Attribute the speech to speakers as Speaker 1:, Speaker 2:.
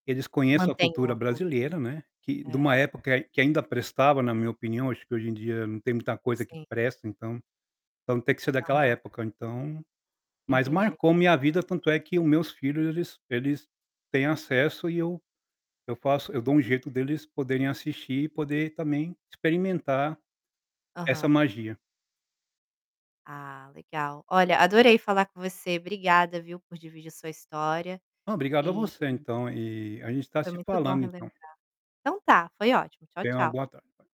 Speaker 1: Que eles conheçam a
Speaker 2: Mantenham
Speaker 1: cultura
Speaker 2: a cultura,
Speaker 1: brasileira, né, que de uma
Speaker 2: é.
Speaker 1: época que ainda prestava na minha opinião. Acho que hoje em dia não tem muita coisa que
Speaker 2: Sim.
Speaker 1: presta então então tem que ser daquela
Speaker 2: Aham.
Speaker 1: época, então. Mas
Speaker 2: Entendi.
Speaker 1: marcou minha vida, tanto é que o meus filhos eles eles têm acesso e eu eu faço eu dou um jeito deles poderem assistir e poder, também, experimentar essa
Speaker 2: Aham.
Speaker 1: magia.
Speaker 2: Ah, legal. Olha adorei falar com você. Obrigada, viu, por dividir a sua história,
Speaker 1: Oh, obrigado a
Speaker 2: e
Speaker 1: você então e a gente está
Speaker 2: foi
Speaker 1: se
Speaker 2: muito bom
Speaker 1: falando então.
Speaker 2: relembrar. Então está, foi ótimo. Tchau,
Speaker 1: Tenha uma
Speaker 2: tchau.
Speaker 1: boa tarde.